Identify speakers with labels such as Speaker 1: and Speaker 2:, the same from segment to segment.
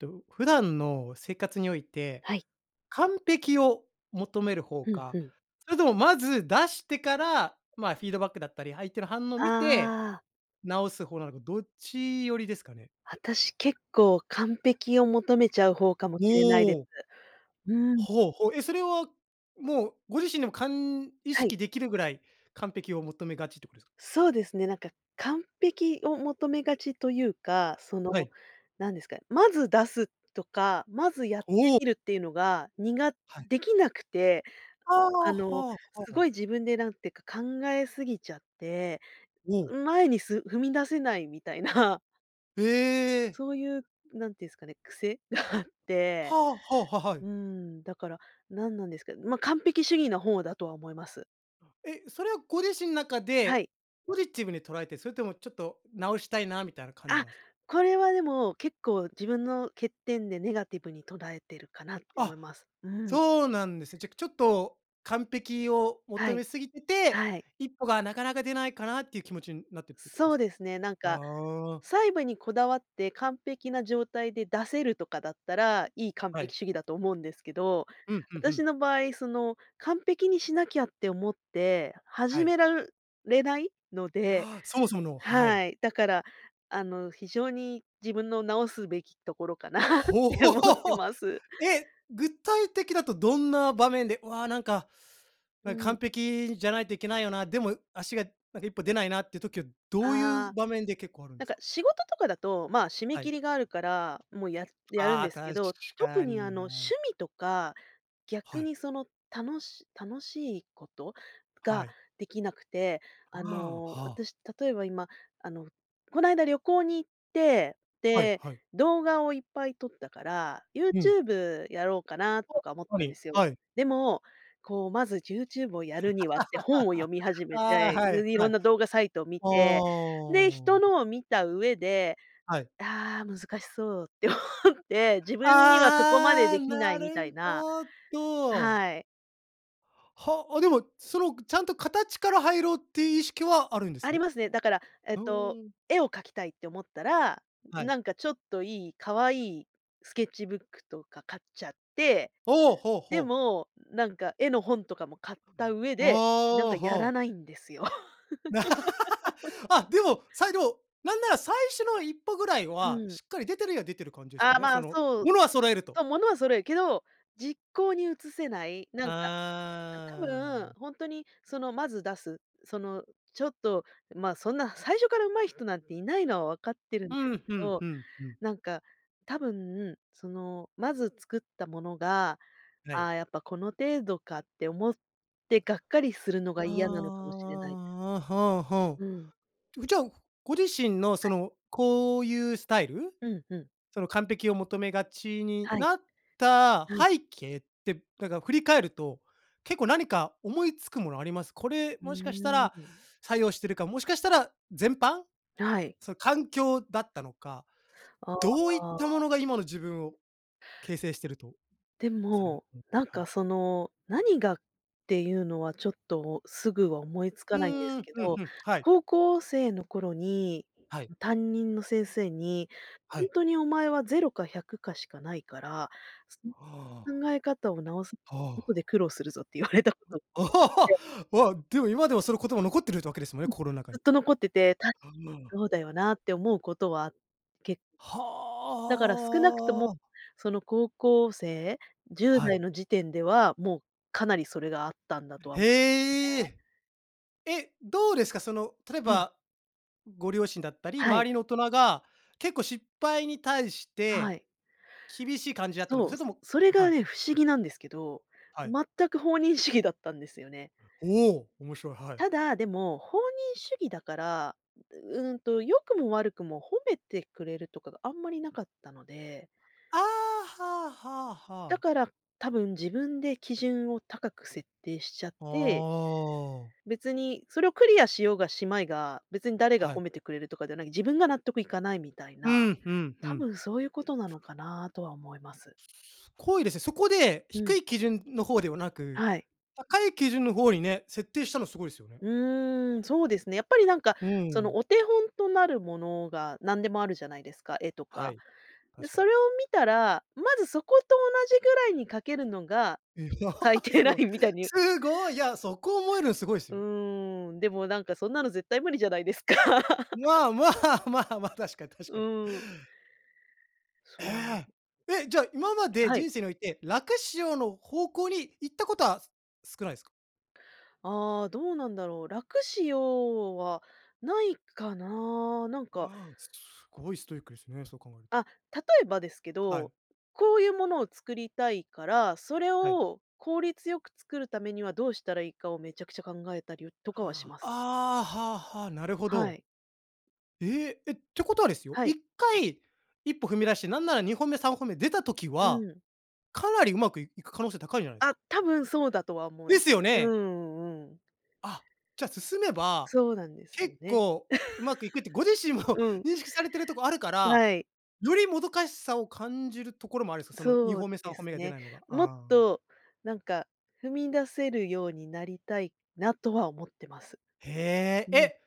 Speaker 1: と、普段の生活において、
Speaker 2: はい。
Speaker 1: 完璧を求める方
Speaker 2: ふんふ
Speaker 1: か、
Speaker 2: ん。
Speaker 1: それともまず出してから、まあフィードバックだったり、相手の反応を
Speaker 2: あ
Speaker 1: 見て、
Speaker 2: あ。
Speaker 1: 直す方なのかどっちよりですかね？
Speaker 2: 私結構完璧を求めちゃう方かも
Speaker 1: お
Speaker 2: しれないです。
Speaker 1: お。
Speaker 2: うん。
Speaker 1: ほう、ほ、え、それはもうご自身でもかん意
Speaker 2: はい。
Speaker 1: 識できるぐらい完璧を求めがちってことですか？
Speaker 2: そうですね。なんか完璧を求めがちというか、その
Speaker 1: はい。
Speaker 2: 何ですか、まず出すとか、まずやって
Speaker 1: おお。
Speaker 2: みるっていうのが、にが
Speaker 1: はい。
Speaker 2: できなくて、
Speaker 1: あ
Speaker 2: あ
Speaker 1: あ、
Speaker 2: の
Speaker 1: は
Speaker 2: すご
Speaker 1: は。
Speaker 2: い自分で何ていうか考えすぎちゃって、
Speaker 1: おお。
Speaker 2: うん、前にす踏み出せないみたいな。
Speaker 1: ええ。
Speaker 2: そういう、なんていうんすかね、癖があって、
Speaker 1: はは。はは
Speaker 2: う
Speaker 1: い。
Speaker 2: ーん、だから、なんなんですけど、ま、完璧主義の方だとは思います。
Speaker 1: え、それはご自身中
Speaker 2: は
Speaker 1: で、
Speaker 2: い。
Speaker 1: ポジティブに捉えて、それともちょっと直したいなみたいな感じ
Speaker 2: あ、
Speaker 1: なんすか？
Speaker 2: これはでも結構自分の欠点でネガティブに捉えてるかなって思
Speaker 1: あ、
Speaker 2: います。うん。
Speaker 1: そうなんですね。じゃちょっと完璧を
Speaker 2: は
Speaker 1: 求
Speaker 2: い、
Speaker 1: めすぎてて、
Speaker 2: はい。
Speaker 1: 一歩がなかなか出ないかなっていう気持ちになってってことで
Speaker 2: そ
Speaker 1: す
Speaker 2: う
Speaker 1: か？
Speaker 2: ですね。なんか、
Speaker 1: ああ。
Speaker 2: 細部にこだわって完璧な状態で出せるとかだったら、いい完
Speaker 1: はい。
Speaker 2: 璧主義だと思うんですけど、
Speaker 1: うん、ふんふ
Speaker 2: 私
Speaker 1: ん。
Speaker 2: の場合その、完璧にしなきゃって思って、
Speaker 1: は
Speaker 2: 始
Speaker 1: い。
Speaker 2: めらるれないので、
Speaker 1: ああ、そもそもの、はい。
Speaker 2: はい、だからあの、非常に自分の直すべきところかなっ
Speaker 1: ほう、
Speaker 2: て
Speaker 1: ほ、
Speaker 2: 思ってます。
Speaker 1: え、具体的だとどんな場面で、わ、なんか、な
Speaker 2: う
Speaker 1: んか完
Speaker 2: ん。
Speaker 1: 璧じゃないといけないよな、でも足が一歩出ないなって時はどうい
Speaker 2: あ
Speaker 1: う
Speaker 2: あ、
Speaker 1: 場面で結構あるん
Speaker 2: な
Speaker 1: で
Speaker 2: ん
Speaker 1: す
Speaker 2: か
Speaker 1: か？
Speaker 2: 仕事とかだと、まあ締め
Speaker 1: は
Speaker 2: 切
Speaker 1: い。
Speaker 2: りがあるから、もうややるん
Speaker 1: ああ、
Speaker 2: ですけ
Speaker 1: 確
Speaker 2: ど、特
Speaker 1: か
Speaker 2: にあ
Speaker 1: に
Speaker 2: の
Speaker 1: な。
Speaker 2: 趣味とか、逆
Speaker 1: はい。
Speaker 2: にそのたのし楽しいこと
Speaker 1: は
Speaker 2: が
Speaker 1: い。
Speaker 2: できなくて、あ
Speaker 1: ああ、
Speaker 2: の
Speaker 1: は。
Speaker 2: 私例えば今、あのこの間旅行に行って、
Speaker 1: はい
Speaker 2: で、
Speaker 1: はい。
Speaker 2: 動画をいっぱい撮ったから、
Speaker 1: うん。
Speaker 2: YouTube やろうかなと
Speaker 1: あ、
Speaker 2: か思っ
Speaker 1: は
Speaker 2: たんで
Speaker 1: い
Speaker 2: すよ。
Speaker 1: はい。
Speaker 2: でも、こうまず YouTube をやるにはって本を読 み始め
Speaker 1: ああ、
Speaker 2: て、
Speaker 1: はい
Speaker 2: ん、色
Speaker 1: はい。
Speaker 2: ん
Speaker 1: あ
Speaker 2: な動画サイトを見て、で、人
Speaker 1: あ。
Speaker 2: のを見た上で、
Speaker 1: はい。
Speaker 2: ああ、難しそうって思って、自分にはそこまで
Speaker 1: ああ、
Speaker 2: できな
Speaker 1: な
Speaker 2: いみたい
Speaker 1: る
Speaker 2: な。
Speaker 1: ほど。
Speaker 2: はい。
Speaker 1: は、あ、でもそのちゃんと形から入ろうって意識はあるんで
Speaker 2: あ
Speaker 1: す
Speaker 2: り
Speaker 1: ね？
Speaker 2: ますね。だからえっ
Speaker 1: ふ
Speaker 2: と、
Speaker 1: ーん。
Speaker 2: 絵を描きたいって思ったら、
Speaker 1: はい。
Speaker 2: なんかちょっといい可愛いスケッチブックとか買っちゃって。
Speaker 1: ほうほうほ
Speaker 2: で
Speaker 1: う。
Speaker 2: も、なんか絵の本とかも買った上
Speaker 1: あ
Speaker 2: で、なん
Speaker 1: あ、
Speaker 2: かや
Speaker 1: はあ。
Speaker 2: らないんですよ。
Speaker 1: あ、でも。さいど、なんなら最初の一歩ぐらい
Speaker 2: う
Speaker 1: は
Speaker 2: ん。
Speaker 1: しっかり出てるや出てる感じですよ
Speaker 2: ああ、
Speaker 1: ね。
Speaker 2: ま
Speaker 1: そ
Speaker 2: あ、
Speaker 1: の、
Speaker 2: そう。
Speaker 1: 物は揃えると。
Speaker 2: と、物は揃えるけど、実行に移せない。なんか、あ、多
Speaker 1: ああ。
Speaker 2: 分、ほんとにその、まず出す。その、ちょっと、まあそんな最初から上手い人なんていないのは分かってるん
Speaker 1: う
Speaker 2: です
Speaker 1: ん、
Speaker 2: け
Speaker 1: ふん
Speaker 2: ど、
Speaker 1: ふんふん。
Speaker 2: なんか、多分その、まず作ったものが、
Speaker 1: は
Speaker 2: あ
Speaker 1: い。
Speaker 2: あ、やっぱこの程度かって思ってがっかりするのが
Speaker 1: ああ、
Speaker 2: 嫌なのかもしれないです。
Speaker 1: あ、はあはあ。
Speaker 2: うん。
Speaker 1: う、じゃあご自身のそ
Speaker 2: はい。
Speaker 1: のこういうスタイル、
Speaker 2: うんうん。
Speaker 1: その完璧を求めがちに
Speaker 2: はい。
Speaker 1: なった
Speaker 2: うん。
Speaker 1: 背景ってなんか振り返ると、結構何か思いつくものあります？これ
Speaker 2: う
Speaker 1: もしかした
Speaker 2: ー
Speaker 1: ら
Speaker 2: ん。
Speaker 1: 作用してるか、もしかしたら全般、
Speaker 2: はい。
Speaker 1: その環境だったのか、
Speaker 2: あ
Speaker 1: どういった
Speaker 2: あ。
Speaker 1: ものが今の自分を形成してると
Speaker 2: で
Speaker 1: されも
Speaker 2: も、
Speaker 1: す、
Speaker 2: なん
Speaker 1: は
Speaker 2: か
Speaker 1: い。
Speaker 2: その何がっていうのはちょっと、すぐは思いつ
Speaker 1: う
Speaker 2: かないんです
Speaker 1: ーん、
Speaker 2: け
Speaker 1: ふん
Speaker 2: ど、
Speaker 1: ふん、はい。
Speaker 2: 高校生の頃に
Speaker 1: はい。
Speaker 2: 担任の先生に、
Speaker 1: は
Speaker 2: 「ほん
Speaker 1: い。
Speaker 2: とにお前はゼロか百かしかないから、その
Speaker 1: はあ。
Speaker 2: 考え方を直さ
Speaker 1: は
Speaker 2: あと
Speaker 1: あ。
Speaker 2: で苦労するぞ」って言われたことあっ て。
Speaker 1: わ、でも今でもその言葉残ってるってわけですも
Speaker 2: う
Speaker 1: ね。
Speaker 2: ん、
Speaker 1: 心の中
Speaker 2: ずっ
Speaker 1: に。
Speaker 2: と残ってて、たし
Speaker 1: ああ。
Speaker 2: そうだよなって思うことはけ
Speaker 1: は
Speaker 2: だから少なくとも、
Speaker 1: あ。
Speaker 2: その高校生、じゅう
Speaker 1: は
Speaker 2: だい
Speaker 1: い。
Speaker 2: の時点では、もうかなりそれがあったんだとはね。
Speaker 1: へえ。え、どうですか、その例え
Speaker 2: うん。
Speaker 1: ば、ご両親だったり、
Speaker 2: は
Speaker 1: 周
Speaker 2: い。
Speaker 1: りの大人が結構失敗に対し
Speaker 2: は
Speaker 1: て、
Speaker 2: い。
Speaker 1: 厳しい感じだったのか、
Speaker 2: そう。
Speaker 1: それとも
Speaker 2: それ
Speaker 1: は
Speaker 2: が
Speaker 1: い。
Speaker 2: ね、不思議なんですけど、
Speaker 1: はい。
Speaker 2: 全く放任主義だったんですよね。
Speaker 1: おお、面白い、はい。
Speaker 2: ただ、でも、放任主義だから、ううんと、良くも悪くも褒めてくれるとかがあんまりなかったので。
Speaker 1: ああ、はあはあは
Speaker 2: だ
Speaker 1: あ。
Speaker 2: から、多分自分で基準を高く設定しちゃっ
Speaker 1: あ
Speaker 2: て
Speaker 1: あ。
Speaker 2: 別にそれをクリアしようがしまいが、別に誰が
Speaker 1: はい。
Speaker 2: 褒めてくれるとかじゃない、自分が納得いかないみたい
Speaker 1: う
Speaker 2: な、
Speaker 1: ん、ふんふ
Speaker 2: 多
Speaker 1: ん。
Speaker 2: 分そういうことなのかなとは思います。
Speaker 1: こいですね。そこで
Speaker 2: う
Speaker 1: 低
Speaker 2: ん。
Speaker 1: い基準の方ではなく、
Speaker 2: はい。
Speaker 1: 高い基準の方にね、設定したのすごいですよね。
Speaker 2: うーん、そうですね。やっぱりなんか、
Speaker 1: う
Speaker 2: その、
Speaker 1: ん。
Speaker 2: お手本となるものが何でもあるじゃないですか、絵と
Speaker 1: は
Speaker 2: か。
Speaker 1: い。
Speaker 2: で、
Speaker 1: 確か
Speaker 2: そ
Speaker 1: に。
Speaker 2: れを見たら、まずそこと同じぐらいに描けるのが、最 低
Speaker 1: す
Speaker 2: ラ
Speaker 1: ごい、
Speaker 2: インみたいに。
Speaker 1: すごい、いやそこ思えるのすごいす
Speaker 2: う
Speaker 1: よ。
Speaker 2: ーん、でもなんかそんなの絶対無理じゃないですか。
Speaker 1: まあ、ま あまあまあ、確かに確
Speaker 2: う
Speaker 1: かに。
Speaker 2: ーん。そ
Speaker 1: え
Speaker 2: う。
Speaker 1: え。え、じゃ、今まで
Speaker 2: はい。
Speaker 1: 人生において楽しようの方向に行ったことは、す少ないですか？
Speaker 2: ああ、どうなんだろう。楽しよう、はないかな、なんか
Speaker 1: わあ、すごいストイックですね、そう考えると。
Speaker 2: あ、例えばですけ
Speaker 1: は
Speaker 2: ど、
Speaker 1: い。
Speaker 2: こういうものを作りたいから、それ
Speaker 1: はい。
Speaker 2: を効率よく作るためにはどうしたらいいかをめちゃくちゃ考えたりを
Speaker 1: はあ、あ
Speaker 2: とかはします。
Speaker 1: あ、はあはあ、なるほ
Speaker 2: は
Speaker 1: ど。
Speaker 2: い。
Speaker 1: ええ。え、ってことはですよ。
Speaker 2: は
Speaker 1: いっ
Speaker 2: い。
Speaker 1: かい、1歩踏み出して、なんなら2歩目3歩目出た時
Speaker 2: う
Speaker 1: は、
Speaker 2: ん。
Speaker 1: かなりうまくいく可能性高いんじゃないです
Speaker 2: あ、
Speaker 1: か。
Speaker 2: 多分そうだとは思う
Speaker 1: で
Speaker 2: ん
Speaker 1: すよ
Speaker 2: う
Speaker 1: ね。
Speaker 2: んうん。
Speaker 1: あ、じゃあ進めば
Speaker 2: そうなんですよ
Speaker 1: 結
Speaker 2: ね。
Speaker 1: 構上手くいくって、ご自身も
Speaker 2: うん。
Speaker 1: 認識されてるとこあるから、
Speaker 2: はい。
Speaker 1: よりもどかしさを感じるところもあるんすか？そのに
Speaker 2: そう
Speaker 1: ほ目、さん
Speaker 2: で
Speaker 1: ほ
Speaker 2: す
Speaker 1: 目が出
Speaker 2: ね。
Speaker 1: ないのが。
Speaker 2: もっ
Speaker 1: ああ。
Speaker 2: と、なんか、踏み出せるようになりたいなとは思ってます。
Speaker 1: え
Speaker 2: う
Speaker 1: え、
Speaker 2: ん。
Speaker 1: え、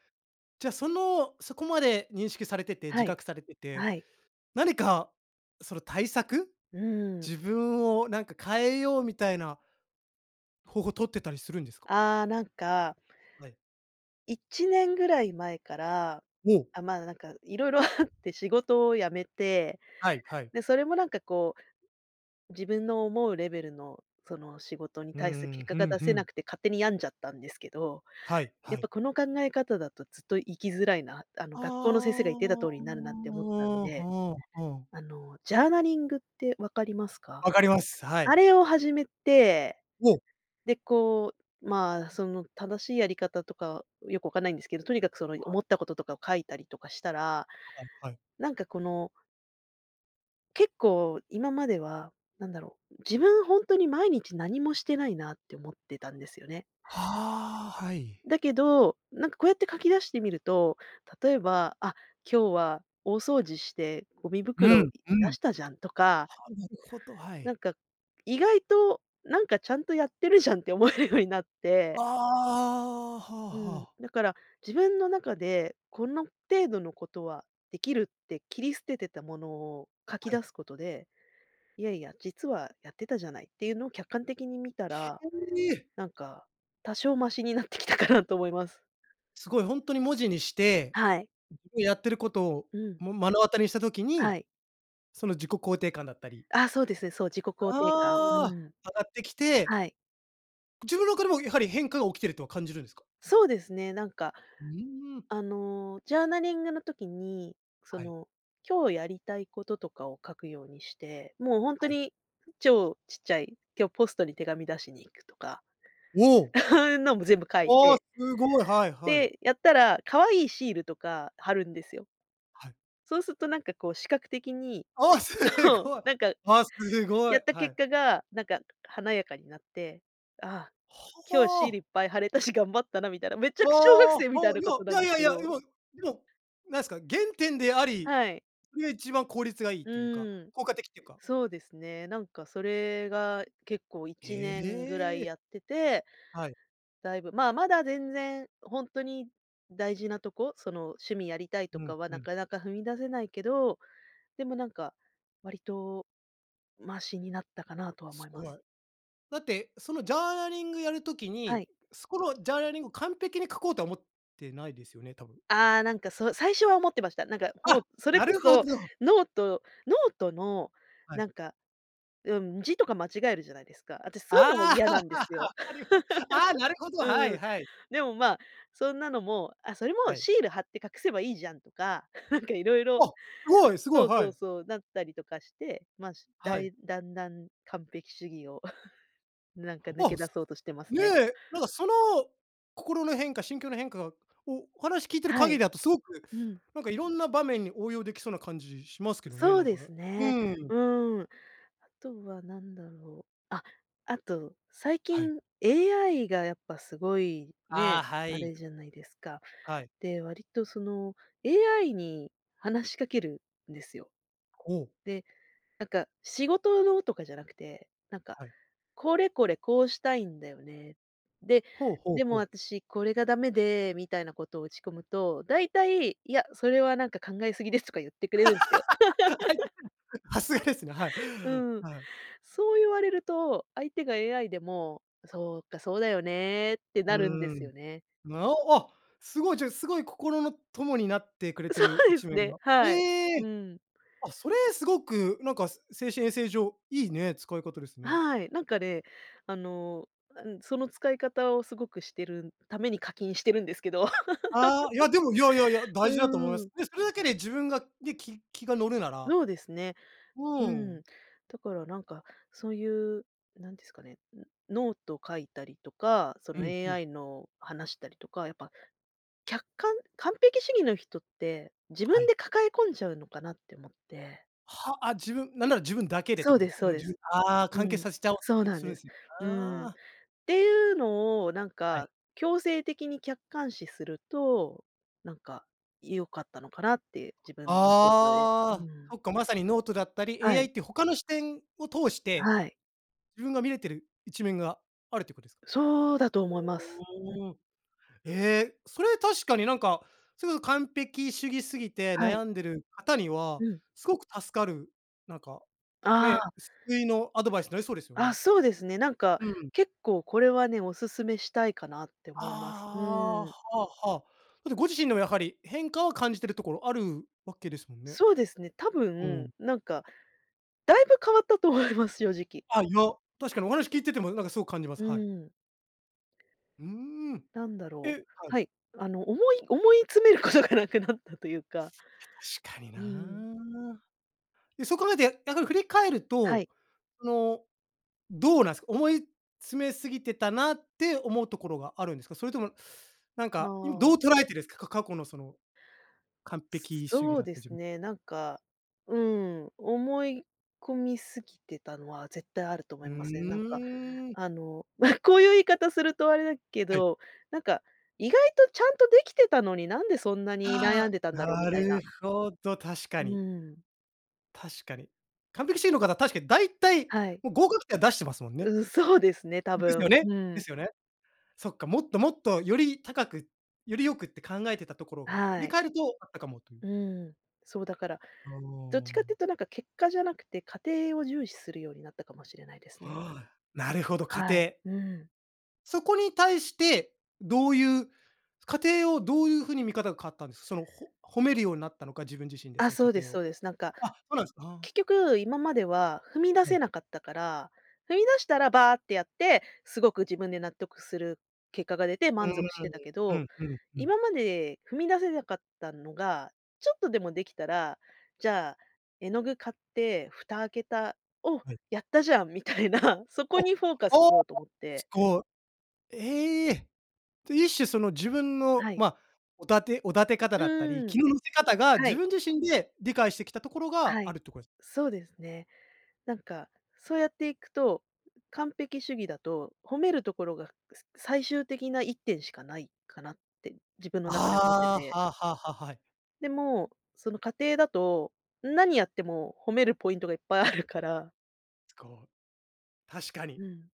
Speaker 1: じゃあその、そこまで認識されてて、自
Speaker 2: はい、
Speaker 1: 覚されてて、
Speaker 2: はい。
Speaker 1: 何かその対策、
Speaker 2: うん。
Speaker 1: 自分をなんか変えようみたいな方法取ってたりするんですか？
Speaker 2: ああ、なんか
Speaker 1: はい。
Speaker 2: 1年ぐらい前から、
Speaker 1: おお。
Speaker 2: あ、まあ、なんか色々あって仕事を辞めて、
Speaker 1: はいはい。
Speaker 2: で、それもなんかこう、自分の思うレベルの、その仕事に
Speaker 1: う
Speaker 2: 対する結
Speaker 1: ん、
Speaker 2: 果
Speaker 1: ふ
Speaker 2: が
Speaker 1: ん
Speaker 2: 出
Speaker 1: ふ
Speaker 2: せな
Speaker 1: ん。
Speaker 2: くて勝手に病んじゃったんですけど。
Speaker 1: はい
Speaker 2: や
Speaker 1: は
Speaker 2: っぱ
Speaker 1: い。
Speaker 2: この考え方だとずっと生きづらいな、あの
Speaker 1: ああ。
Speaker 2: 学校の先生が言っていた
Speaker 1: は
Speaker 2: 通りになるなって思ったん
Speaker 1: あ
Speaker 2: で。
Speaker 1: はあ。
Speaker 2: あの、ジャーナリングって分かりますか？
Speaker 1: 分かります、は
Speaker 2: あ
Speaker 1: い。
Speaker 2: れを始めて。
Speaker 1: おお。
Speaker 2: で、こう、まあ、その正しいやり方とか、よく分かんないんですけど、とにかくその 思ったこととかを書いたりとかしたら、
Speaker 1: あ、はい。
Speaker 2: なんかこの結構今までは、なんだろう、自分本当に毎日何もしてないなって思ってたんですよね。
Speaker 1: はあ、はい。
Speaker 2: だけど、なんかこうやって書き出してみると、例えば、あ、今日は大掃除してゴミ
Speaker 1: うん。
Speaker 2: 袋
Speaker 1: う
Speaker 2: 出
Speaker 1: ん。
Speaker 2: したじゃんとか。
Speaker 1: は、なるほど、は
Speaker 2: なん
Speaker 1: い。
Speaker 2: か、意外と、なんかちゃんとやってるじゃんって思えるようになっ
Speaker 1: あ
Speaker 2: て。
Speaker 1: あ、はあ
Speaker 2: う
Speaker 1: は
Speaker 2: ん、
Speaker 1: あ。
Speaker 2: だから、自分の中で、この程度のことはできるって切り捨ててたものを書き
Speaker 1: はい。
Speaker 2: 出すことで、いやいや、実はやってたじゃないっていうのを客観的に見たら、
Speaker 1: へえ。
Speaker 2: なんか、多少ましになってきたかなと思います。
Speaker 1: すごいほんとに文字にして、
Speaker 2: はい。
Speaker 1: やってることを、
Speaker 2: うん。
Speaker 1: も、目の当たりにした時
Speaker 2: は
Speaker 1: に、
Speaker 2: い。
Speaker 1: その自己肯定感だったり。
Speaker 2: あ、そうですね、そう、自己肯定感、う
Speaker 1: ああ。
Speaker 2: ん。
Speaker 1: 上がってきて。
Speaker 2: はい。
Speaker 1: 自分の中でもやはり変化が起きてるとは感じるんですか？
Speaker 2: そうですね、なんか
Speaker 1: うん。
Speaker 2: あの、ジャーナリングの時に、そ
Speaker 1: はい。
Speaker 2: の、今日やりたいこととかを書くようにして、もう本当
Speaker 1: はい。
Speaker 2: に、超ちっちゃい、今日ポストに手紙出しに行くとか、
Speaker 1: おお。
Speaker 2: のも全部書い
Speaker 1: ああ、
Speaker 2: て。
Speaker 1: すごい、はいはい。
Speaker 2: で、やったら可愛いシールとか貼るんですよ。
Speaker 1: はい。
Speaker 2: そうするとなんかこう視覚的に、
Speaker 1: あ、す
Speaker 2: そう、
Speaker 1: ごい、
Speaker 2: なんか、
Speaker 1: あ、すご
Speaker 2: や
Speaker 1: い、
Speaker 2: った
Speaker 1: は
Speaker 2: 結
Speaker 1: い。
Speaker 2: 果が、なんか華やかになって、ああ、今日シールい
Speaker 1: ほ。
Speaker 2: っぱい貼れたし、頑張ったなみたいな、めっち
Speaker 1: あ
Speaker 2: ゃく小学
Speaker 1: あ、は、
Speaker 2: 生みたいな
Speaker 1: い
Speaker 2: ことなん
Speaker 1: や、
Speaker 2: で
Speaker 1: い
Speaker 2: す
Speaker 1: やい
Speaker 2: け
Speaker 1: やいや、い
Speaker 2: ど。
Speaker 1: ま、でも、なんすか、原点であり、
Speaker 2: はい。
Speaker 1: それが一番効率がいいっ
Speaker 2: う
Speaker 1: ていうか、
Speaker 2: ーん、
Speaker 1: 効果的っていうか。
Speaker 2: そうですね、なんかそれが結構い
Speaker 1: え
Speaker 2: ちねんぐらい
Speaker 1: え。
Speaker 2: やってて、
Speaker 1: はい。
Speaker 2: だいぶ、まあまだ全然本当に大事なとこ、その趣味やりたいと
Speaker 1: うん
Speaker 2: かは
Speaker 1: う
Speaker 2: な
Speaker 1: ん。
Speaker 2: かなか踏み出せないけど、でもなんか、割と、ましになったかなとは思
Speaker 1: す
Speaker 2: いま
Speaker 1: ご
Speaker 2: す。
Speaker 1: い。だって、そのジャーナリングやる時
Speaker 2: は
Speaker 1: に、
Speaker 2: い。
Speaker 1: そこのジャーナリングを完璧に書こうとは思ってないですよね、多分。
Speaker 2: ああ、なんかそう最初は思ってました。なんかもう
Speaker 1: あ、
Speaker 2: それ
Speaker 1: な
Speaker 2: こ
Speaker 1: るほ
Speaker 2: そ、
Speaker 1: ど。
Speaker 2: ノートノートの
Speaker 1: はい。
Speaker 2: なんか、うん、字とか間違えるじゃないですか。私そういうのも
Speaker 1: あ
Speaker 2: 嫌
Speaker 1: あ。
Speaker 2: なんです よ。
Speaker 1: わかりまああ、なる ほど、はい
Speaker 2: うん、
Speaker 1: はい。
Speaker 2: でもまあ、そんなのもあ、それも
Speaker 1: はい。
Speaker 2: シール貼って隠せばいいじゃんとか、なんかいろいろ。
Speaker 1: あ、すごいすご
Speaker 2: そ
Speaker 1: い、
Speaker 2: う
Speaker 1: は
Speaker 2: そう
Speaker 1: い。
Speaker 2: そう、だったりとかして、まあ、しった
Speaker 1: はい。
Speaker 2: い、だんだん完璧主義を、なんか抜
Speaker 1: あ、
Speaker 2: け出そうとしてます
Speaker 1: ね、
Speaker 2: ね。
Speaker 1: なんかその心の変化、心境の変化が、おお話聞いてる
Speaker 2: は
Speaker 1: 限り
Speaker 2: い。
Speaker 1: だとすごく
Speaker 2: うん。
Speaker 1: なんかいろんな場面に応用できそうな感じします
Speaker 2: う、
Speaker 1: けどね、
Speaker 2: そ
Speaker 1: な
Speaker 2: う
Speaker 1: ん
Speaker 2: で
Speaker 1: かね。
Speaker 2: す
Speaker 1: う
Speaker 2: ね。
Speaker 1: ん。
Speaker 2: うん。あとは何だろう。あ、あと、最
Speaker 1: はい。
Speaker 2: 近 AI がやっぱすごい、
Speaker 1: ああ、
Speaker 2: ね、
Speaker 1: は
Speaker 2: あ
Speaker 1: い。
Speaker 2: れじゃないですか。
Speaker 1: はい。
Speaker 2: で、わりとその、AI に話しかけるんですよ。
Speaker 1: おお。
Speaker 2: で、なんか仕事のとかじゃなくて、なんか、
Speaker 1: はい。
Speaker 2: これこれ、こうしたいんだよね。で、
Speaker 1: ほほ
Speaker 2: でも
Speaker 1: ほ。
Speaker 2: 私これが駄目でみたいなことを打ち込むと、大体、いや、それはなんか考えすぎですとか言ってくれるんすよ。
Speaker 1: さすがですね、はい。
Speaker 2: うん、
Speaker 1: はい。
Speaker 2: そう言われると、相手が AI でも、そうか、そうだよねって
Speaker 1: う
Speaker 2: なるんで
Speaker 1: ー
Speaker 2: す
Speaker 1: ん。
Speaker 2: よね。
Speaker 1: な、あ、すごい、ちょ、すごい心の友になってくれて
Speaker 2: そ
Speaker 1: る
Speaker 2: うで
Speaker 1: 一
Speaker 2: す
Speaker 1: 面
Speaker 2: ね、
Speaker 1: が。
Speaker 2: はい。
Speaker 1: ええ！
Speaker 2: うん。
Speaker 1: あ、それすごくなんか精神衛生上いいね、使い方ですね。
Speaker 2: はい、なんかね、あの、あ、うん、その使い方をすごくしてるために課金してるんですけど。
Speaker 1: ああ、いやでも、いやいやい や、大事だと思いま
Speaker 2: うん。
Speaker 1: す。で、それだけで自分が、でき気が乗るなら。
Speaker 2: そうですね。う
Speaker 1: う
Speaker 2: ん、
Speaker 1: ん。
Speaker 2: だからなんか、そういう、何ですかね、ノノート書いたりとか、そ
Speaker 1: う
Speaker 2: の
Speaker 1: んうん。
Speaker 2: AI の話したりとか、やっぱ、客観、完璧主義の人って、自
Speaker 1: は
Speaker 2: 分
Speaker 1: い。
Speaker 2: で抱え込んじゃうのかなって思って。
Speaker 1: は、あ、自分なんなら自分だけでって
Speaker 2: そう
Speaker 1: ことで
Speaker 2: で
Speaker 1: す
Speaker 2: す
Speaker 1: か？
Speaker 2: そ
Speaker 1: も
Speaker 2: う
Speaker 1: う
Speaker 2: で
Speaker 1: じ
Speaker 2: す。
Speaker 1: ああ
Speaker 2: う
Speaker 1: 完結
Speaker 2: ん、
Speaker 1: させちゃお
Speaker 2: そ
Speaker 1: う
Speaker 2: う
Speaker 1: とす
Speaker 2: なん
Speaker 1: する
Speaker 2: で
Speaker 1: ん
Speaker 2: す。
Speaker 1: す、
Speaker 2: う
Speaker 1: あ
Speaker 2: ん。
Speaker 1: あ。
Speaker 2: ていうのをなん
Speaker 1: はい。
Speaker 2: か強制的に客観視すると、なんか、良かったのかなって自分 で、う
Speaker 1: ああ、
Speaker 2: ん。
Speaker 1: そっか、まさにノートだったり、
Speaker 2: は
Speaker 1: AI
Speaker 2: い。
Speaker 1: って他の視点を通して、
Speaker 2: はい。
Speaker 1: 自分が見れてる一面があるってこです？
Speaker 2: そうだと思います。うん。
Speaker 1: おお。ええ、それ確かになんかすごい完璧主義すぎて
Speaker 2: はい。
Speaker 1: 悩んでる方には
Speaker 2: うん。
Speaker 1: すごく助かる、なんか
Speaker 2: あ
Speaker 1: ね、
Speaker 2: あ。
Speaker 1: 救いのアドバイスなりそうですよ
Speaker 2: あ、
Speaker 1: ね。
Speaker 2: そうですね、なんか、
Speaker 1: うん。
Speaker 2: 結構これはね、お勧めしたいかなって思います。
Speaker 1: ああ、
Speaker 2: う
Speaker 1: は
Speaker 2: ん。
Speaker 1: あはあ。それってご自身でもやはり変化を感じてるところあるわけですもんね。
Speaker 2: そうですね、たぶ
Speaker 1: う
Speaker 2: ん、
Speaker 1: ん。
Speaker 2: なんかだいぶ変わったと思います、正直。
Speaker 1: あ、いや、確かにお話聞いててもなんかすごく感じます。
Speaker 2: う
Speaker 1: はい。
Speaker 2: ん。
Speaker 1: うーん。
Speaker 2: なんだ
Speaker 1: え、
Speaker 2: ろう、
Speaker 1: はい。
Speaker 2: はい、あの思い思い詰めることがなくなったというか。
Speaker 1: 確かに
Speaker 2: う
Speaker 1: な。
Speaker 2: ん。
Speaker 1: で、そう考えてや逆に振り返る
Speaker 2: は
Speaker 1: と、
Speaker 2: い。
Speaker 1: その、どうなんす、思い詰めすぎてたなって思うところがあるんですか？それともなん
Speaker 2: あ
Speaker 1: か、いど
Speaker 2: あ。
Speaker 1: う捉えてるんすか、か過去のその、完
Speaker 2: すす
Speaker 1: 璧主義
Speaker 2: そう
Speaker 1: だった
Speaker 2: で
Speaker 1: 自
Speaker 2: す
Speaker 1: 分。
Speaker 2: ね、なんか、うん、思い込みすぎてたのは絶対あると思
Speaker 1: う
Speaker 2: いますね。なんか、
Speaker 1: ーん。
Speaker 2: あの、まあこういう言い方するとあれだけ
Speaker 1: はい。
Speaker 2: ど、なんか、意外とちゃんとできてたのに、なんでそんなに
Speaker 1: あ
Speaker 2: 悩んでたん
Speaker 1: あ、
Speaker 2: だろうみ
Speaker 1: な
Speaker 2: たい
Speaker 1: る
Speaker 2: な。
Speaker 1: ほど、確か
Speaker 2: う
Speaker 1: に。
Speaker 2: ん。
Speaker 1: 確かに完璧主義の方、確かにだいたい
Speaker 2: はい。
Speaker 1: もう、合格点は出してますもんね。
Speaker 2: うん、そうですね。多
Speaker 1: ですよ
Speaker 2: 分、
Speaker 1: ね
Speaker 2: う
Speaker 1: で
Speaker 2: ん。
Speaker 1: すよね。そっか、もっともっと、より高く、より良くって考えてたところが、振
Speaker 2: は
Speaker 1: り
Speaker 2: い。
Speaker 1: 返るとあったかもという。
Speaker 2: うん、そう、だから、どっ
Speaker 1: ほ
Speaker 2: ちかっ
Speaker 1: う。
Speaker 2: ていうと、なんか結果じゃなくて、過程を重視するようになったかもしれないですね。
Speaker 1: ああ、なるほど、過
Speaker 2: はい、
Speaker 1: 程。
Speaker 2: うん。
Speaker 1: そこに対して、どういう過程をどういうふうに見方が変わったんです？そのほ褒めるようになったのか、自分自身で
Speaker 2: あ、
Speaker 1: その
Speaker 2: そ
Speaker 1: 過
Speaker 2: うです
Speaker 1: 程を。
Speaker 2: そうです。なんか
Speaker 1: あ、そうなんすか。はん。
Speaker 2: 結局、今までは踏み出
Speaker 1: は
Speaker 2: せ
Speaker 1: い。
Speaker 2: なかったから、踏み出したら、ばってやって、すごく自分で納得する結果が出て、
Speaker 1: うー
Speaker 2: 満
Speaker 1: ん、
Speaker 2: 足してたけ
Speaker 1: う
Speaker 2: ど、
Speaker 1: んうんうん。
Speaker 2: 今まで踏み出せなかったのが、ちょっとでもできたら、じゃあ、絵の具買って、蓋開けた、お、
Speaker 1: はい。
Speaker 2: やったじゃん！みたいな、そこ
Speaker 1: あ、
Speaker 2: にフォーカスし
Speaker 1: ああ、
Speaker 2: ようと思って。
Speaker 1: すごい。ええ！と、一種その、自分の、
Speaker 2: はい。
Speaker 1: ま、おだておだて方
Speaker 2: う
Speaker 1: だったり、
Speaker 2: ーん。
Speaker 1: 気の乗せ方が
Speaker 2: は
Speaker 1: 自
Speaker 2: い。
Speaker 1: 分自身で、理解してきたところが、
Speaker 2: は
Speaker 1: あ
Speaker 2: い。
Speaker 1: るってことです？
Speaker 2: そうですね。なんか、そうやっていくと、完璧主義だと褒めるところが、ささ最終的な1点しかないかなって、自分の中では思って
Speaker 1: ああ、
Speaker 2: て。
Speaker 1: はあはあはあ、はい。
Speaker 2: でも、その過程だと、何やっても、褒めるポイントがいっぱい あるから。
Speaker 1: つこう、確かに。
Speaker 2: うん。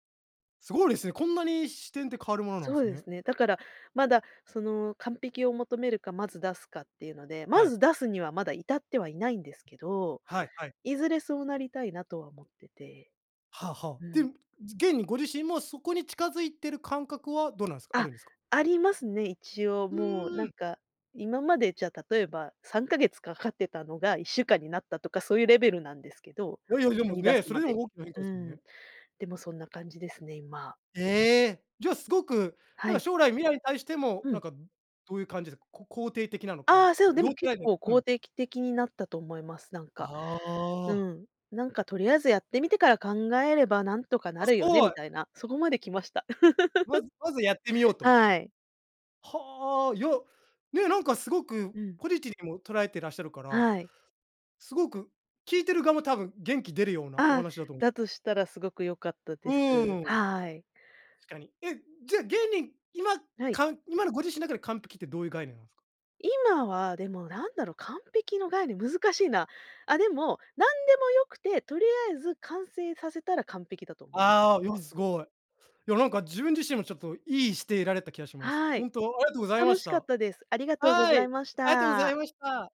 Speaker 1: すごいですね。こんなに視点って変わるものなん
Speaker 2: そう
Speaker 1: す
Speaker 2: で
Speaker 1: ね。
Speaker 2: すね。だから、まだその完璧を求めるか、まず出すかっていうので、ま
Speaker 1: はい。
Speaker 2: ず出すにはまだ至ってはいないんですけど、
Speaker 1: はいはい。
Speaker 2: いずれそうなりたいなとは思ってて。
Speaker 1: はあはあ。
Speaker 2: う
Speaker 1: で、
Speaker 2: ん。
Speaker 1: 現にご自身もそこに近づいてる感覚はどうなんすか、あ
Speaker 2: あ、
Speaker 1: るんですか？
Speaker 2: ありますね。一応
Speaker 1: ふ
Speaker 2: もう
Speaker 1: ー
Speaker 2: なん
Speaker 1: ん。
Speaker 2: か、今までじゃ例えば3ヶ月かかってたのが1週間になったとかそういうレベルなんですけど、
Speaker 1: いやいやで
Speaker 2: 踏
Speaker 1: も
Speaker 2: み出
Speaker 1: ね、
Speaker 2: す
Speaker 1: それ
Speaker 2: ま
Speaker 1: で
Speaker 2: で
Speaker 1: も
Speaker 2: に。
Speaker 1: 大きな変化
Speaker 2: う
Speaker 1: ですもん
Speaker 2: ーん。
Speaker 1: ね。
Speaker 2: でもそんな感じですね、今。
Speaker 1: ええ、じゃすごく
Speaker 2: は
Speaker 1: なんか
Speaker 2: い。
Speaker 1: 将来未来に対しても、
Speaker 2: う
Speaker 1: なん
Speaker 2: ん。
Speaker 1: かどういう感じですか、こ肯定的なの
Speaker 2: あ
Speaker 1: か。
Speaker 2: あ、そう、で
Speaker 1: ど
Speaker 2: も
Speaker 1: うた
Speaker 2: 結
Speaker 1: いね、
Speaker 2: 構、
Speaker 1: う
Speaker 2: こ
Speaker 1: ん。
Speaker 2: うてきてきになったと思います、なん
Speaker 1: あ
Speaker 2: か。う
Speaker 1: あ。
Speaker 2: ん。なんかとりあえずやってみてから考えればなんとかな
Speaker 1: あ、す
Speaker 2: るよね
Speaker 1: ご
Speaker 2: み
Speaker 1: い。
Speaker 2: たいな、そこまで来ました。
Speaker 1: まずまずやってみよう と。
Speaker 2: はい。
Speaker 1: はあ、いや、ね、なんかすごく、
Speaker 2: うん。
Speaker 1: ポジティブにも捉えてらっしゃるから、
Speaker 2: はい。
Speaker 1: すごく聞いてる側も多分元気出るようなお
Speaker 2: あ、
Speaker 1: 話だと
Speaker 2: だとしたらすごくよかったで
Speaker 1: う
Speaker 2: す。
Speaker 1: ーん。確
Speaker 2: はい。
Speaker 1: かに。え、じゃあ現に今、
Speaker 2: はい。
Speaker 1: かん今のご自身の中で完璧ってどういう概念なんすか？
Speaker 2: 今はでもなんだろう、完璧の概念、難しいな。あ、でも、何でも良くて、とりあえず完成させたら完璧だと思いま
Speaker 1: ああ、いや
Speaker 2: う
Speaker 1: す
Speaker 2: ん。
Speaker 1: ごい。いやなんか自分自身もちょっといいして得られた気がします。
Speaker 2: は
Speaker 1: ほ
Speaker 2: い。
Speaker 1: んとありがとうございま
Speaker 2: 楽
Speaker 1: し
Speaker 2: しかっ
Speaker 1: た。
Speaker 2: たです。ありがとうご
Speaker 1: は
Speaker 2: ざい
Speaker 1: い、
Speaker 2: まし
Speaker 1: ありがとうござい
Speaker 2: た。
Speaker 1: ました。